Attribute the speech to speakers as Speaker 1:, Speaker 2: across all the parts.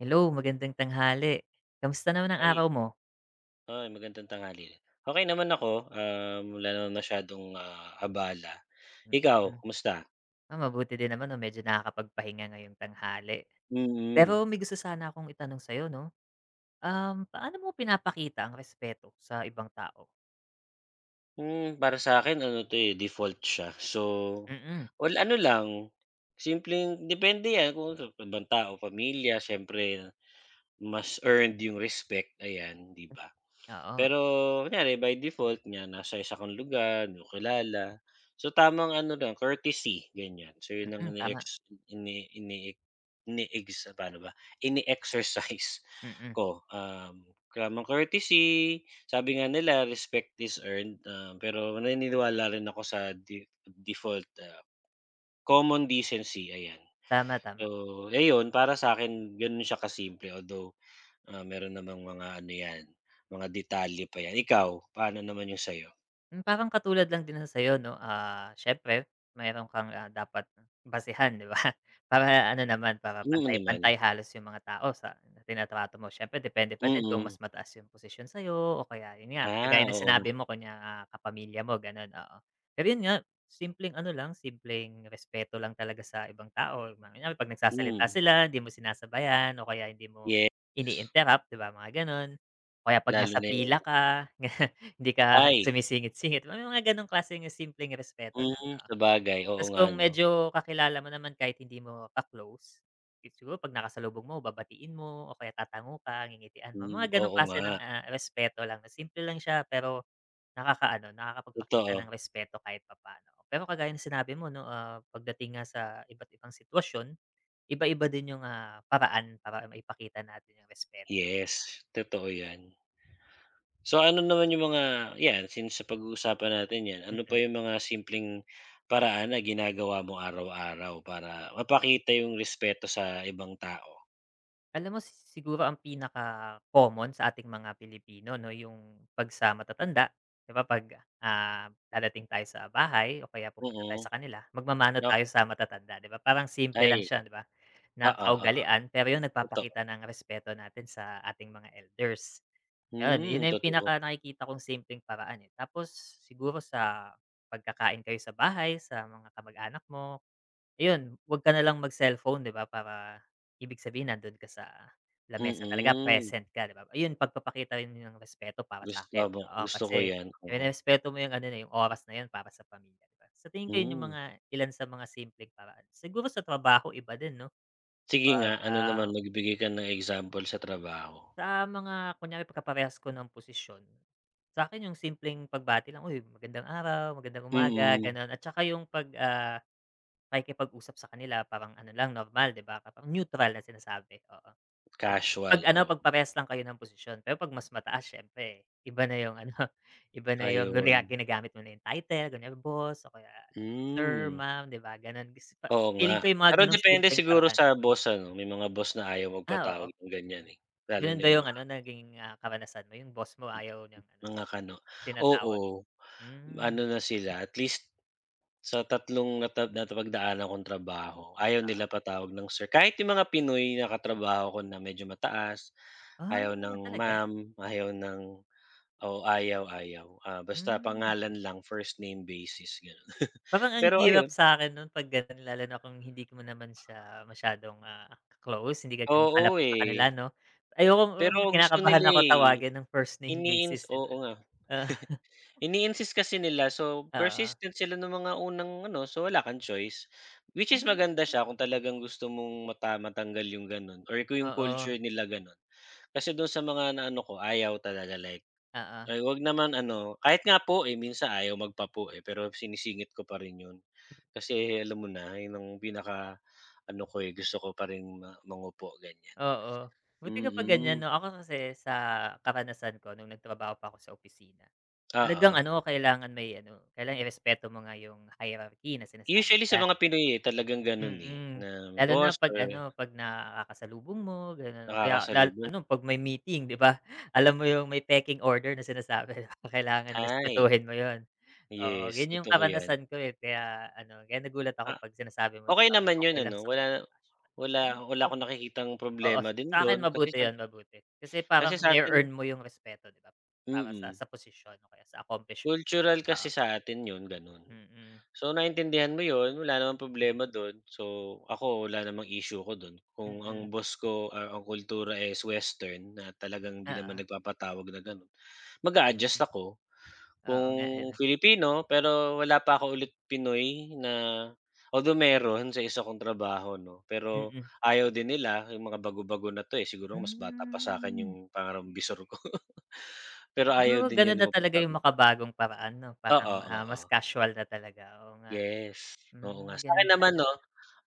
Speaker 1: Hello, magandang tanghali, kamusta naman ang
Speaker 2: Ay.
Speaker 1: araw mo?
Speaker 2: Ah, magandang tanghali, okey naman ako, um, wala naman masyadong abala, ikaw,
Speaker 1: Mm,
Speaker 2: kumusta?
Speaker 1: ah, mabuti din naman, 'no, medyo nakakapagpahinga ngayong tanghali.
Speaker 2: Mm.
Speaker 1: Pero may gusto sana akong itanong sa'yo, 'no, um, paano mo pinapakita ang respeto sa ibang tao?
Speaker 2: Hmm, para sa akin, ano, 'to, eh, default siya, so,
Speaker 1: Mm.
Speaker 2: all, ano lang, simpleng depende yan kung sa ibang tao o pamilya, siyempre mas earned yung respect ayan, 'di ba,
Speaker 1: Oo.
Speaker 2: pero kunyari by default niya nasa isa kang lugar, di mo kilala, so, tamang ano lang, courtesy ganyan, so, yun ang
Speaker 1: Mm, tama.
Speaker 2: ini-ex ini ini-ex ini-ex paano ba, ine-exercise
Speaker 1: Mm.
Speaker 2: ko, um, tamang courtesy sabi nga nila, respect is earned, ah, pero naniniwala rin ako sa di default, ah, common decency ayan,
Speaker 1: Tama, tama
Speaker 2: so, ayun para sa akin, ganun siya ka-simple although, ah, meron namang mga ano yan, mga detalye pa 'yan, ikaw paano naman yung sa'yo?
Speaker 1: Hmm, parang katulad lang din ng sayo no, ah, siyempre meron kang, ah, dapat basehan, 'di, ba. Para ano naman, para
Speaker 2: Mm, naman.
Speaker 1: pantay-pantay halos yung mga tao sa trinatrato mo, siyempre depende pa din kung mas
Speaker 2: Mm.
Speaker 1: mataas yung posisyon sa'yo, o kaya yun nga,
Speaker 2: Ah,
Speaker 1: kagaya ng
Speaker 2: oo
Speaker 1: sinabi
Speaker 2: nga.
Speaker 1: mo konya nga kapamilya mo ganun, oo. Pero yun nga, simpleng ano lang simpleng respeto lang talaga sa ibang tao, kunyari 'pag nagsasalita
Speaker 2: Mm.
Speaker 1: sila, hindi mo sinasabayan o kaya hindi mo
Speaker 2: Yes.
Speaker 1: ini-interrupt, 'di ba mga gano'n. O kaya 'pag
Speaker 2: Lalo
Speaker 1: nasa
Speaker 2: na
Speaker 1: pila
Speaker 2: yung
Speaker 1: ka, ganyan hindi ka
Speaker 2: Ay.
Speaker 1: sumisingit-singit, may mga gano'ng klaseng simpleng respeto lang,
Speaker 2: Mm,
Speaker 1: oo.
Speaker 2: sabagay, oo
Speaker 1: 'Tas
Speaker 2: nga
Speaker 1: kung
Speaker 2: 'no.
Speaker 1: medyo kakilala mo naman kahit hindi mo ka-close, it siguro pag nakasalubong mo babatiin mo, o kaya tatango ka ngingitian mo,
Speaker 2: Mm,
Speaker 1: mga gano'ng
Speaker 2: oo
Speaker 1: klase ng,
Speaker 2: nga.
Speaker 1: ah, respeto lang simple lang siya, pero nakakaano, nakakapagpakita ng
Speaker 2: Totoo.
Speaker 1: respeto kahit papaano. Pero kagaya ng sinabi mo no, ah, pagdating nga sa iba't-ibang sitwasyon, iba-iba din yung, ah, paraan para maipakita natin yung respeto, 'di ba.
Speaker 2: Yes, totoo yan. So ano naman yung mga yan, since napag-uusapan natin yan, ano
Speaker 1: Mm.
Speaker 2: pa yung mga simpleng paraan na ginagawa mo araw-araw para mapakita yung respeto sa ibang tao?
Speaker 1: Alam mo si siguro ang pinaka common sa ating mga Pilipino 'no, yung pag sa matatanda 'di ba pag, ah, dadating tayo sa bahay o kaya pupunta tayo
Speaker 2: Mm.
Speaker 1: sa kanila magmamano
Speaker 2: Na
Speaker 1: tayo sa matatanda 'di ba parang simple lang
Speaker 2: Ay.
Speaker 1: siya 'di ba na
Speaker 2: Oo, oo.
Speaker 1: kaugalian pero yung
Speaker 2: Totoo.
Speaker 1: nagpapakita ng respeto natin sa ating mga elders. Gano'n, yun
Speaker 2: Hmm,
Speaker 1: na yung
Speaker 2: totoo.
Speaker 1: pinaka nakikita kong simpleng paraan eh. Tapos siguro sa pagkakain kayo sa bahay, sa mga kamag-anak mo, ayun wag ka nalang mag-cellphone 'di ba para ibig sabihin nandun ka sa lamesa talaga,
Speaker 2: Mm.
Speaker 1: present ka 'di ba, ayun pagpapakita rin ng respeto para
Speaker 2: Gusto
Speaker 1: sa'kin.
Speaker 2: mo,
Speaker 1: Oo
Speaker 2: gusto ko
Speaker 1: kasi
Speaker 2: yan, oo.
Speaker 1: nererespeto mo yung ano na yung oras na yun para sa pamilya. Sa tingin ko yung
Speaker 2: Hmm.
Speaker 1: mga ilan sa mga simpleng paraan siguro sa trabaho iba din 'no
Speaker 2: Sige nga.
Speaker 1: pag
Speaker 2: Ano
Speaker 1: ah
Speaker 2: naman magbigay ka ng example sa trabaho.
Speaker 1: Sa mga kunyari pagkaparehas ko ng posisyon, sa'kin yung simpleng pagbati lang uy magandang araw, magandang umaga
Speaker 2: Mm.
Speaker 1: ,gano'n at tsaka yung pag ah, pakikipag usap sa kanila parang ano lang normal 'di ba? Parang neutral na sinasabi oo. Pag pag
Speaker 2: Casual,
Speaker 1: ano
Speaker 2: oo.
Speaker 1: pag parehas lang kayo ng posisyon pero pag mas mataas syempre iba na yung ano iba na yung
Speaker 2: Ayun.
Speaker 1: ginagamit mo na yung title kunyari, boss o kaya sir
Speaker 2: Hmm.
Speaker 1: ma'am, 'di ba gano'n
Speaker 2: Oo
Speaker 1: feeling
Speaker 2: nga.
Speaker 1: ko yung mga
Speaker 2: Pero
Speaker 1: gano'ng
Speaker 2: depende
Speaker 1: simpleng
Speaker 2: siguro
Speaker 1: paraan.
Speaker 2: sa boss ano. May mga boss na ayaw
Speaker 1: Ah oo.
Speaker 2: magpatawag ng ganyan eh, lalo
Speaker 1: Gano'n
Speaker 2: na
Speaker 1: ba yung
Speaker 2: mga
Speaker 1: ano naging karanasan mo yung boss mo ayaw niyang ano
Speaker 2: mga Kano.
Speaker 1: tinatawag.
Speaker 2: Oo.
Speaker 1: Hmm.
Speaker 2: ano na sila at least sa tatlong nata napagdaanan kong trabaho ayaw nila
Speaker 1: Ah.
Speaker 2: patawag ng Sir, kahit 'yong mga Pinoy na katrabaho ko na medyo mataas
Speaker 1: Ah,
Speaker 2: ayaw ng
Speaker 1: talaga?
Speaker 2: ma'am, ayaw ng oo. Ayaw, ayaw ah, basta
Speaker 1: Hmm.
Speaker 2: pangalan lang first name basis nga.
Speaker 1: Parang ang
Speaker 2: Pero
Speaker 1: hirap
Speaker 2: ayun
Speaker 1: sa'kin nun pag gano'n lalo na kung hindi mo naman siya masyadong ah, close hindi ka
Speaker 2: Oo,
Speaker 1: malapit sa kanila
Speaker 2: eh.
Speaker 1: ano ayokong
Speaker 2: Pero gusto nila
Speaker 1: kinakabahan ako
Speaker 2: eh.
Speaker 1: tawagin ng first name
Speaker 2: Iniins
Speaker 1: basis eh.
Speaker 2: oo nga,
Speaker 1: Oh.
Speaker 2: ini insist kasi nila so,
Speaker 1: Oo.
Speaker 2: persistent sila ng mga unang ano so wala kang choice, which is
Speaker 1: Hmm.
Speaker 2: maganda siya kung talagang gusto mong mata matanggal yung ganun or kung yung
Speaker 1: Oo.
Speaker 2: culture nila gano'n. Kasi dun sa mga naano ko ayaw talaga like
Speaker 1: Oo.
Speaker 2: ay huwag naman ano kahit nga po eh, minsan ayaw magpa po eh, pero sinisingit ko pa rin yun, kasi alam mo na ayon ang pinaka ano ko eh, gusto ko pa rin ma mangopo ganyan.
Speaker 1: Oo, buti ka pa ganyan
Speaker 2: Mm.
Speaker 1: 'no? Ako kasi sa karanasan ko nung nagtrabaho pa ako sa opisina talagang
Speaker 2: Oo.
Speaker 1: ano kailangan may ano irespeto mo nga yung hierarchy na sinasabi
Speaker 2: Usually sa
Speaker 1: ka.
Speaker 2: mga Pinoy eh, talagang ganun eh
Speaker 1: Mm,
Speaker 2: na
Speaker 1: lalo na
Speaker 2: boss
Speaker 1: pag
Speaker 2: or
Speaker 1: ano pag nakakasalubong mo gano'n kaya
Speaker 2: Nakakasalubong.
Speaker 1: ano pag may meeting 'di ba alam mo yung may taking order na sinasabi di ba kailangan
Speaker 2: Ay.
Speaker 1: respetuhin mo yun. Oo
Speaker 2: Yes,
Speaker 1: yun yung
Speaker 2: totoo yan.
Speaker 1: karanasan ko eh, kaya ano kaya nagulat ako
Speaker 2: Ah,
Speaker 1: pag sinasabi mo'ng
Speaker 2: okay naman yun
Speaker 1: okay lang
Speaker 2: ano
Speaker 1: sa kanila.
Speaker 2: wala wala
Speaker 1: [unintelligible]
Speaker 2: wala akong nakikitang
Speaker 1: Oo
Speaker 2: problema din
Speaker 1: sa'kin
Speaker 2: dun kasi
Speaker 1: mabuti yun,
Speaker 2: syempre,
Speaker 1: mabuti kasi
Speaker 2: kasi
Speaker 1: parang
Speaker 2: sa
Speaker 1: ne
Speaker 2: atin
Speaker 1: earn mo yung respeto 'di ba para sa
Speaker 2: Mm.
Speaker 1: sa posisyon o kaya sa accomplishment.
Speaker 2: Cultural
Speaker 1: Oo.
Speaker 2: kasi sa atin 'yon gano'n.
Speaker 1: Mm.
Speaker 2: So naintindihan mo 'yon, wala namang problema do'n. So ako wala namang issue ko do'n kung ang
Speaker 1: Mm.
Speaker 2: boss ko ang kultura is Western na talagang hindi naman
Speaker 1: Oo.
Speaker 2: nagpapatawag na gano'n,
Speaker 1: Mm.
Speaker 2: mag-a-adjust ako. Kung
Speaker 1: Oo nga eh.
Speaker 2: Filipino pero wala pa ako ulit Pinoy na although meron sa isa kong trabaho ano pero
Speaker 1: Mm.
Speaker 2: ayaw din nila yung mga bago-bago na 'to siguro mas bata pa sa akin 'yong
Speaker 1: Hmm.
Speaker 2: pangarang bisor ko pero ayaw
Speaker 1: Siguro
Speaker 2: din
Speaker 1: ganun
Speaker 2: yun
Speaker 1: na talaga yung
Speaker 2: magpatawag pa.
Speaker 1: makabagong paraan ano, parang
Speaker 2: Oo,
Speaker 1: ah, mas
Speaker 2: oo.
Speaker 1: casual na talaga. Oo nga,
Speaker 2: Yes, oo nga
Speaker 1: hmm, ganun
Speaker 2: sa'kin naman
Speaker 1: pala.
Speaker 2: no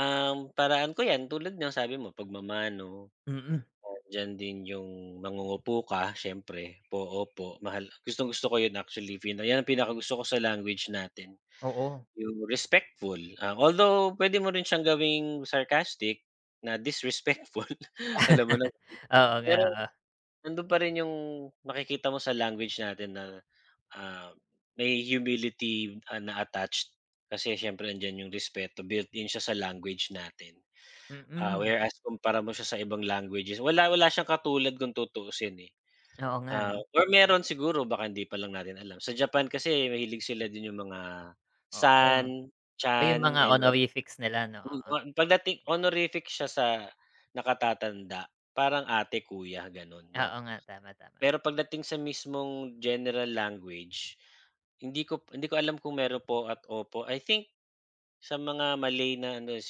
Speaker 2: ang paraan ko yan tulad niyang sabi mo pagmamano,
Speaker 1: Mm.
Speaker 2: diyan din yung mangungupo ka siyempre, po, opo, mahal. Gustong gusto ko yun actually yan ang pinakagusto ko sa language natin
Speaker 1: Oo.
Speaker 2: yung respectful. Although pwede mo rin siyang gawing sarcastic na disrespectful alam mo na.
Speaker 1: Oo nga,
Speaker 2: Pero,
Speaker 1: oo.
Speaker 2: nandoon pa rin 'yong makikita mo sa language natin na ah, may humility na attached kasi siyempre 'andiyan 'yong respeto built-in siya sa language natin. Ah,
Speaker 1: Mm.
Speaker 2: whereas kumpara mo siya sa ibang languages wala wala siyang katulad kung tutuusin eh.
Speaker 1: Oo nga
Speaker 2: Ah
Speaker 1: ano.
Speaker 2: or meron siguro baka hindi pa lang natin alam. Sa Japan kasi mahilig sila din yung mga
Speaker 1: Oo.
Speaker 2: san, chan
Speaker 1: Yung mga
Speaker 2: ayon
Speaker 1: honorifics nila 'no, oo.
Speaker 2: pagdating honorific siya sa nakatatanda parang ate, kuya gano'n
Speaker 1: Oo
Speaker 2: 'no.
Speaker 1: nga. Tama, tama.
Speaker 2: Pero pagdating sa mismong general language hindi ko hindi ko alam kung meron po at opo. I think sa mga Malay na ano ay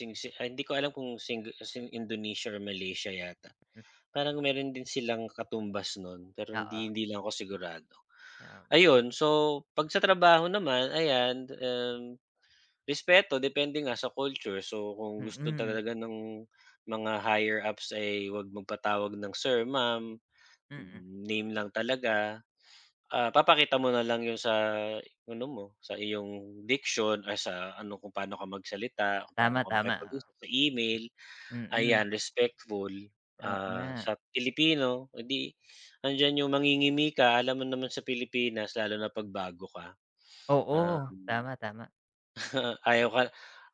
Speaker 2: hindi ko alam kung sing Indonesia or Malaysia yata
Speaker 1: M
Speaker 2: parang meron din silang katumbas no'n pero
Speaker 1: Oo.
Speaker 2: hindi hindi lang ako sigurado,
Speaker 1: Kaya nga.
Speaker 2: ayun. So pag sa trabaho naman ayan, um, respeto depende nga sa culture so, kung gusto
Speaker 1: Mm.
Speaker 2: talaga ng mga higher ups ay huwag magpatawag ng Sir, Ma'am,
Speaker 1: Mm.
Speaker 2: name lang talaga. Ah, papakita mo na lang 'yong sa ano mo sa iyong diction ay sa ano kung paano ka magsalita, kung paano
Speaker 1: Tama,
Speaker 2: ka
Speaker 1: tama. O
Speaker 2: makipag-usap sa email
Speaker 1: Mm.
Speaker 2: ayan respectful.
Speaker 1: Oo
Speaker 2: Ah,
Speaker 1: nga.
Speaker 2: sa Pilipino 'di 'andiyan 'yong mangingimi ka alam mo naman sa Pilipinas lalo na pagbago ka
Speaker 1: Oo.
Speaker 2: um,
Speaker 1: Tama, tama.
Speaker 2: ayaw ka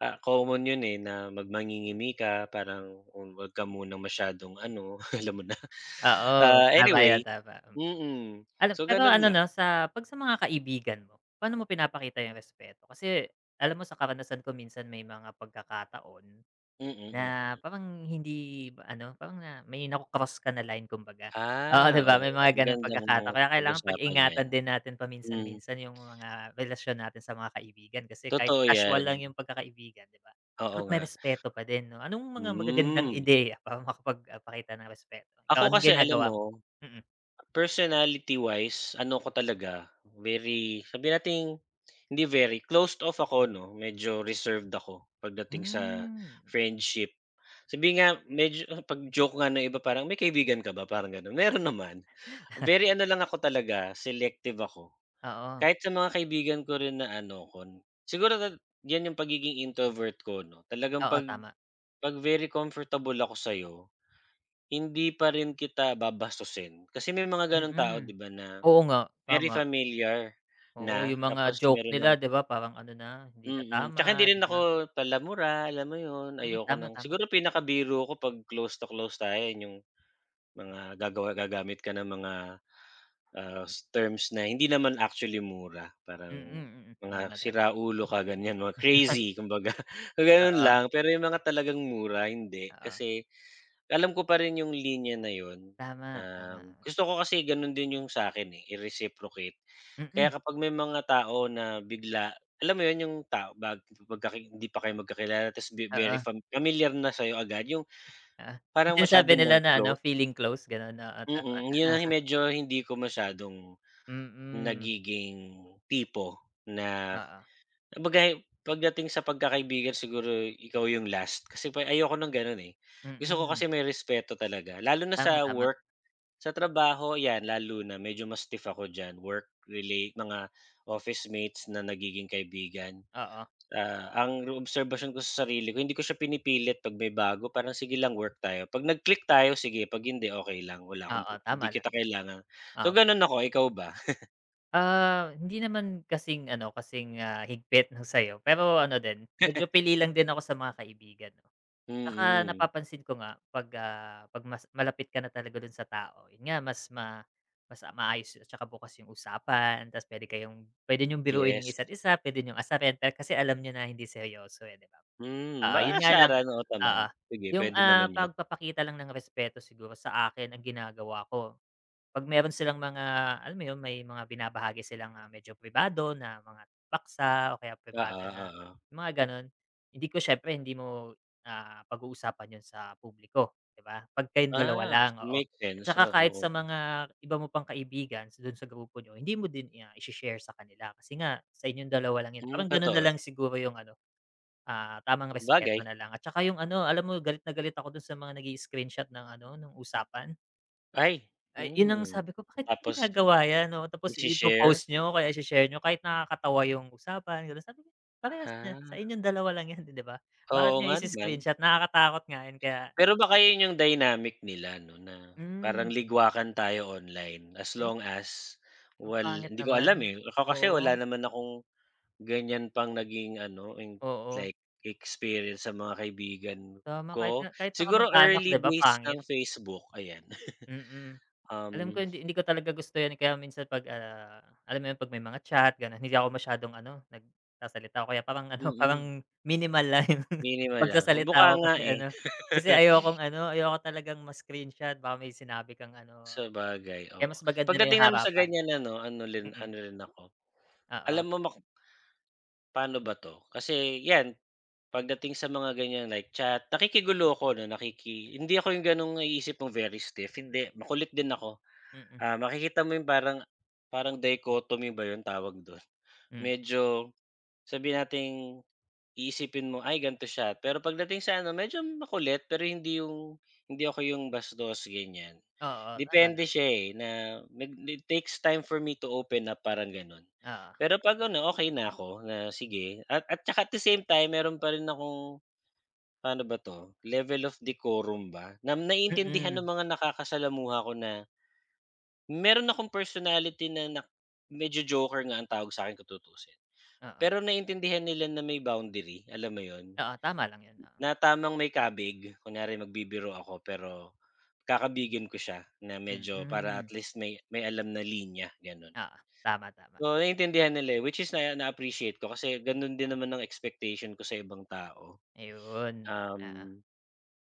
Speaker 2: ah common yun eh, na mag mangingimi ka parang wag ka munang masyadong ano alam mo na
Speaker 1: Oo
Speaker 2: ah
Speaker 1: tama yan
Speaker 2: anyway,
Speaker 1: tama, mm,
Speaker 2: mm
Speaker 1: alam
Speaker 2: so,
Speaker 1: pero
Speaker 2: ganun
Speaker 1: ano
Speaker 2: lang.
Speaker 1: na sa pag sa mga kaibigan mo paano mo pinapakita yung respeto? Kasi alam mo sa karanasan ko minsan may mga pagkakataon
Speaker 2: Mm,
Speaker 1: na
Speaker 2: mm.
Speaker 1: parang hindi ano parang na may na cross ka na line kumbaga, oo, 'di
Speaker 2: Ah,
Speaker 1: ba?
Speaker 2: oo.
Speaker 1: May mga gano'ng pagkakataon
Speaker 2: Magandang
Speaker 1: kaya kailangan
Speaker 2: pag-usapan yan.
Speaker 1: pag-ingatan din natin paminsan
Speaker 2: hmm.
Speaker 1: minsan yung mga relasyon natin sa mga kaibigan kasi kahit
Speaker 2: Totoo
Speaker 1: casual lang
Speaker 2: yan.
Speaker 1: yung pagkakaibigan 'di ba
Speaker 2: Oo
Speaker 1: dapat may
Speaker 2: nga.
Speaker 1: respeto pa din no. Anong mga magagandang
Speaker 2: Hmm.
Speaker 1: ideya para makapagpakita ng respeto? ikaw
Speaker 2: Ako
Speaker 1: anong
Speaker 2: kasi alam
Speaker 1: ginagawa mo?
Speaker 2: mo,
Speaker 1: Mm.
Speaker 2: personality wise, ano ko talaga very sabihin nating hindi very closed off ako ano medyo reserved ako pagdating sa
Speaker 1: Hmm.
Speaker 2: friendship. Sabihin nga medyo pag-joke nga ng iba parang may kaibigan ka ba parang gano'n, meron naman. Very ano lang ako talaga selective ako
Speaker 1: Oo.
Speaker 2: kahit sa mga kaibigan ko rin na ano ko, siguro diyan yung pagiging introvert ko ano talagang
Speaker 1: Oo,
Speaker 2: 'pag
Speaker 1: tama.
Speaker 2: 'pag very comfortable ako sa'yo hindi pa rin kita babastusin. Kasi may mga gano'ng tao
Speaker 1: Mm.
Speaker 2: 'di ba na
Speaker 1: oo nga
Speaker 2: very
Speaker 1: tama.
Speaker 2: familiar
Speaker 1: Oo,
Speaker 2: na
Speaker 1: yung mga
Speaker 2: tapos
Speaker 1: joke
Speaker 2: meron ng
Speaker 1: nila 'di ba parang ano na hindi
Speaker 2: Mhm,
Speaker 1: na
Speaker 2: mhm.
Speaker 1: tama,
Speaker 2: Tsaka hindi
Speaker 1: di
Speaker 2: rin
Speaker 1: ba?
Speaker 2: ako pala-mura alam mo 'yon,
Speaker 1: Hmm,
Speaker 2: ayoko
Speaker 1: tama,
Speaker 2: ng
Speaker 1: tama.
Speaker 2: siguro pinakabiro ko 'pag close to close tayo 'yong mga gagawa gagamit ka ng mga terms na hindi naman actually mura
Speaker 1: Mm,
Speaker 2: parang
Speaker 1: mm.
Speaker 2: mga
Speaker 1: Tama, tama.
Speaker 2: "sira ulo" ka ganyan, mga crazy kumbaga gano'n
Speaker 1: Oo.
Speaker 2: lang. Pero 'yong mga talagang mura hindi
Speaker 1: Oo.
Speaker 2: kasi alam ko pa rin 'yong linya na yun,
Speaker 1: Tama,
Speaker 2: um,
Speaker 1: tama.
Speaker 2: gusto ko kasi gano'n din 'yong sa akin i-reciprocate kaya
Speaker 1: Mm.
Speaker 2: kapag may mga tao na bigla, alam mo yun yung tao bag pag hindi pa kayo magkakilala tas be very
Speaker 1: Oo.
Speaker 2: familiar na sa'yo agad yung,
Speaker 1: Ah, yung
Speaker 2: parang masyado
Speaker 1: sinasabi
Speaker 2: ng
Speaker 1: nila na ano,
Speaker 2: close?
Speaker 1: feeling close gano'n? Oo, tama.
Speaker 2: Mm, 'yan ang medyo hindi ko masyadong
Speaker 1: Mm.
Speaker 2: nagiging tipo na
Speaker 1: Oo.
Speaker 2: kumbaga'y pagdating sa pagkakaibigan siguro ikaw 'yong last. Kasi pa ayoko ng gano'n eh, gusto ko
Speaker 1: Mm.
Speaker 2: kasi may respeto talaga, lalo na
Speaker 1: Tama,
Speaker 2: sa
Speaker 1: tama.
Speaker 2: work, sa trabaho 'yan lalo na medyo mas stiff ako diyan work relate, mga office mates na nagiging kaibigan.
Speaker 1: Oo.
Speaker 2: Ah, ang obserbasyon ko sa sarili ko hindi ko siya pinipilit 'pag may bago parang sige lang work tayo, 'pag nag-click tayo sige 'pag hindi okey lang wala akong
Speaker 1: Oo,
Speaker 2: prob
Speaker 1: tama
Speaker 2: hindi
Speaker 1: lang
Speaker 2: kita
Speaker 1: yan.
Speaker 2: kailangan.
Speaker 1: Ah
Speaker 2: So ganun ako, ikaw ba?
Speaker 1: Ah, hindi naman kasing ano, kasing, ah, higpit ng sa'yo pero ano din, medyo pili lang din ako sa mga kaibigan ko. Tsaka
Speaker 2: Mm.
Speaker 1: napapansin ko nga 'pag, ah, 'pag mas malapit ka na talaga dun sa tao, yun nga, mas ma mas, ah, maayos at tsaka bukas yung usapan, tas puwede kayong puwede niyong biruin ang
Speaker 2: Yes.
Speaker 1: isa't isa, puwede niyong asarin dahil kasi alam niyo na hindi seryoso, eh, 'di ba?
Speaker 2: Hmm,
Speaker 1: Oo,
Speaker 2: baka
Speaker 1: yun nga lang.
Speaker 2: asaran noon pa man.
Speaker 1: Oo,
Speaker 2: Sige,
Speaker 1: 'yung,
Speaker 2: puwede naman
Speaker 1: ah,
Speaker 2: 'yon.
Speaker 1: pagpapakita lang ng respeto siguro sa akin, ang ginagawa ko, 'pag meron silang mga alam mo yun, may mga binabahagi silang, ah, medyo pribado na mga paksa o kaya
Speaker 2: Oo,
Speaker 1: pribado na
Speaker 2: oo.
Speaker 1: mga gano'n, hindi ko siyempre hindi mo, ah, pag-uusapan 'yon sa publiko 'di ba, 'pag kayong dalawa
Speaker 2: Ah,
Speaker 1: lang,
Speaker 2: s
Speaker 1: oo.
Speaker 2: make
Speaker 1: At
Speaker 2: sense,
Speaker 1: tsaka kahit
Speaker 2: oo.
Speaker 1: sa mga iba mo pang kaibigan sa dun sa grupo niyo, hindi mo din, ah, i-share sa kanila kasi nga sa inyong dalawa lang yun,
Speaker 2: Hmm,
Speaker 1: parang ganun na
Speaker 2: totoo.
Speaker 1: lang siguro yung ano, ah, tamang respect mo
Speaker 2: Sabagay.
Speaker 1: na lang at tsaka yung ano, alam mo galit na galit ako dun sa mga nag-i-screenshot ng ano, nung usapan.
Speaker 2: Ay,
Speaker 1: Ay, yun ang
Speaker 2: hmm.
Speaker 1: sabi ko, bakit
Speaker 2: Tapos,
Speaker 1: ginagawa 'yan, oo, tapos
Speaker 2: ishi-share?
Speaker 1: ipo-post niyo o kaya i-shi-share niyo kahit nakakatawa yung usapan gano'n. Sabi ko, parehas na
Speaker 2: Ha.
Speaker 1: sa inyong dalawa lang 'yan, 'di ba? Bakit
Speaker 2: Oo
Speaker 1: nga
Speaker 2: nga naman.
Speaker 1: i-screenshot, nakakatakot nga yun kaya
Speaker 2: Pero baka yun yung dynamic nila 'no, na parang
Speaker 1: Hmm.
Speaker 2: ligwakan tayo online as
Speaker 1: Ay.
Speaker 2: long as
Speaker 1: Ang
Speaker 2: wal
Speaker 1: pangit
Speaker 2: hindi ko alam,
Speaker 1: naman,
Speaker 2: eh. Ako kasi wala
Speaker 1: oo.
Speaker 2: naman akong ganiyan pang naging ano, ing
Speaker 1: Oo.
Speaker 2: like experience sa mga kaibigan
Speaker 1: Tama,
Speaker 2: ko.
Speaker 1: kahit nga, kahit sa
Speaker 2: Siguro
Speaker 1: kamag-anak
Speaker 2: early
Speaker 1: 'di ba,
Speaker 2: days
Speaker 1: pangit.
Speaker 2: ng Facebook, ayan.
Speaker 1: Mm.
Speaker 2: Um
Speaker 1: Alam ko hindi hindi ko talaga gusto 'yan, eh. Kaya minsan 'pag, ah, alam mo yun, 'pag may mga chat gano'n, hindi ako masyadong ano, nagsasalita o kaya parang ano,
Speaker 2: Mm.
Speaker 1: parang minimal lang yung
Speaker 2: Minimal lang, o
Speaker 1: pagsasalita
Speaker 2: mukha
Speaker 1: ko
Speaker 2: nga,
Speaker 1: kasi
Speaker 2: eh.
Speaker 1: ano, kasi ayokong ano, ayoko talagang ma-screenshot baka may sinabi kang ano,
Speaker 2: Sabagay,
Speaker 1: kaya
Speaker 2: oo.
Speaker 1: mas maganda na yung
Speaker 2: Pagdating naman sa
Speaker 1: harapan.
Speaker 2: ganiyan ano, ano lin
Speaker 1: Mm.
Speaker 2: ano rin ako,
Speaker 1: Oo.
Speaker 2: alam mo maku paano ba 'to, kasi 'yan pagdating sa mga ganiyan, like chat, nakikigulo ako 'no, nakiki hindi ako yung gano'ng naiisip mong very stiff, hindi, makulit din ako.
Speaker 1: Mm.
Speaker 2: Ah, makikita mo yung parang parang dichotomy ba yung tawag do'n?
Speaker 1: Hmm.
Speaker 2: Medyo, sabihin nating iisipin mong, ay, gan'to siya, pero pagdating sa ano, medyo makulit. Pero hindi yung hindi ako yung bastos ganiyan.
Speaker 1: Oo, tama lang.
Speaker 2: Depende siya, eh, na nag need takes time for me to open up, parang gano'n.
Speaker 1: Oo.
Speaker 2: Pero 'pag ano, okey na ako, na sige at at 'tsaka at the same time, meron pa rin akong, pa'no ba 'to, level of decorum ba na naiintindihan ng
Speaker 1: Mm.
Speaker 2: mga nakakasalamuha ko na meron akong personality na nak medyo joker nga ang tawag sa'kin kung tutusin.
Speaker 1: Oo.
Speaker 2: Pero naiintindihan nila na may boundary, alam mo 'yon,
Speaker 1: Oo, tama lang yun, oo.
Speaker 2: na tamang may kabig. Kunyari magbibiro ako perom kakabigin ko siya na medyo, para
Speaker 1: Mm.
Speaker 2: atleast may may alam na linya gano'n.
Speaker 1: Oo. Tama, tama.
Speaker 2: Oo, naiintindihan nila, eh, which is naa na-appreciate ko kasi gano'n din naman ang expectation ko sa ibang tao.
Speaker 1: Ayun, oo.
Speaker 2: Um,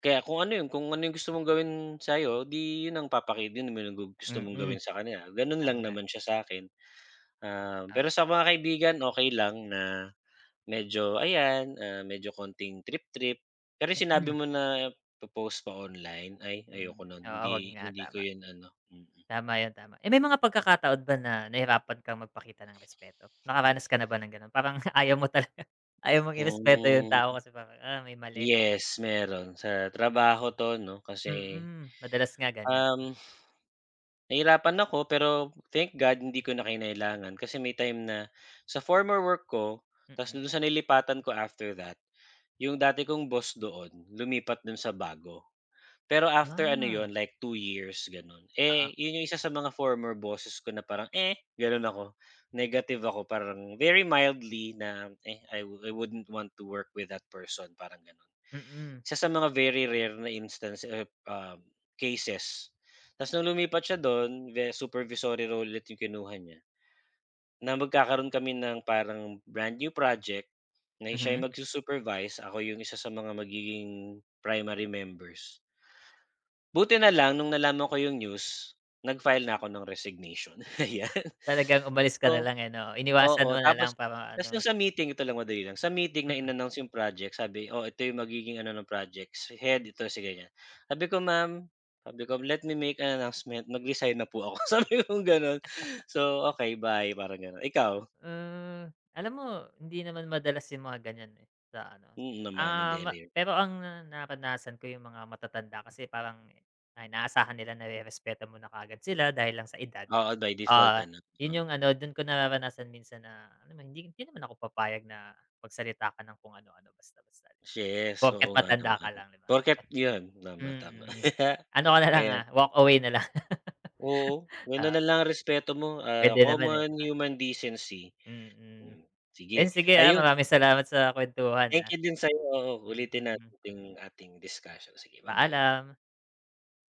Speaker 2: kaya kung ano yung kung ano yung gusto mong gawin sa'yo, 'di 'yon ang papaki din mo na gu gusto mong
Speaker 1: Mm,
Speaker 2: gawin sa kaniya, gano'n
Speaker 1: ako
Speaker 2: lang
Speaker 1: nga.
Speaker 2: naman siya sa'kin. Um,
Speaker 1: Oo.
Speaker 2: pero sa mga kaibigan, okey lang na medyo ayan, ah, medyo kaunting trip-trip, pero yung sinabi
Speaker 1: Mm.
Speaker 2: mo na, po-post ko online, ay,
Speaker 1: Mm.
Speaker 2: ayoko no'n.
Speaker 1: Oo. 'Wag
Speaker 2: Hindi
Speaker 1: nga,
Speaker 2: hindi ko
Speaker 1: tama.
Speaker 2: yun ano, mm.
Speaker 1: Tama 'yan, tama. Eh, may mga pagkakataon ba na nahirapan kang magpakita ng respeto? Nakaranas ka na ba ng gano'n, parang ayaw mo talaga ayaw mong irespeto yung
Speaker 2: Mhm.
Speaker 1: tao kasi parang, ah, may mali.
Speaker 2: Yes, meron. Sa trabaho 'to 'no, kasi,
Speaker 1: Mm, madalas nga ganiyan.
Speaker 2: um, nahirapan ako, pero thank God, hindi ko na kinailangan kasi may time na sa former work ko, tapos
Speaker 1: Mm.
Speaker 2: dun sa nilipatan ko after that yung dati kong boss doon, lumipat dun sa bago. Pero after ano 'yon,
Speaker 1: Ah.
Speaker 2: like, 2 years gano'n.
Speaker 1: Oo.
Speaker 2: Eh, yun yung isa sa mga former bosses ko na parang, eh, gano'n ako negative ako, parang very mildly na, eh, I I wouldn't want to work with that person, parang gano'n.
Speaker 1: Mm.
Speaker 2: Isa sa mga very rare na instance ep um, cases. Tas nung lumipat siya do'n, ve supervisory role ulit yung kinuha niya, na magkakaroon kami ng parang brand new project na siya
Speaker 1: Mhm?
Speaker 2: yung magsu-supervise, ako yung isa sa mga magiging primary members. Buti na lang nung nalaman ko yung news, nag-file na ako ng resignation, ayan.
Speaker 1: Talagang umalis ka na
Speaker 2: So,
Speaker 1: lang, eh, 'no.
Speaker 2: p
Speaker 1: Iniwasan
Speaker 2: oo,
Speaker 1: mo na
Speaker 2: tapos
Speaker 1: lang para
Speaker 2: tapos
Speaker 1: ano
Speaker 2: nung sa meeting, ito lang, madali lang, sa meeting na
Speaker 1: Mm.
Speaker 2: in-announce yung project. Sabi, oh, ito yung magiging ano ng projects. Head, ito si ganiyan. Sabi ko, "Ma'am," sabi ko, "Let me make an announcement, nag-resign na po ako," sabi kong gano'n. So, "Okey, bye," parang gano'n. Ikaw?
Speaker 1: Hmm, alam mo hindi naman madalas yung mga ganiyan, eh, sa ano,
Speaker 2: Mm, naman,
Speaker 1: ah,
Speaker 2: hindi
Speaker 1: ma
Speaker 2: rare.
Speaker 1: pero ang naranasan ko yung mga matatanda kasi parang, i ay inaasahan nila na rerespeto mo na kaagad sila dahil lang sa edad.
Speaker 2: Oo, by default
Speaker 1: Oo,
Speaker 2: ano,
Speaker 1: yun
Speaker 2: oh.
Speaker 1: yung ano, dun ko nararanasan minsan na ano, hindi hindi naman ako papayag na magsalita ka ng kung ano-ano basta-basta 'di ba.
Speaker 2: Yes,
Speaker 1: Porket
Speaker 2: oo nga
Speaker 1: matanda
Speaker 2: naman.
Speaker 1: ka lang 'di ba.
Speaker 2: Porke't yun. Tama, tama.
Speaker 1: Mm. Ano ka na lang,
Speaker 2: Ayan
Speaker 1: ah, walk away na lang,
Speaker 2: Oo, gano'n na
Speaker 1: oo.
Speaker 2: lang ang respeto mo. Ah,
Speaker 1: Puwede naman, eh. 'Di
Speaker 2: common
Speaker 1: ba?
Speaker 2: human decency.
Speaker 1: Mm.
Speaker 2: Hmm,
Speaker 1: Eh,
Speaker 2: sige,
Speaker 1: sige, ah,
Speaker 2: ayun.
Speaker 1: maraming salamat sa kuwentuhan, ah.
Speaker 2: Thank you din sa'yo, oo. Ulitin natin
Speaker 1: Mm.
Speaker 2: yung ating discussion. Sige, ba-bye.
Speaker 1: Paalam.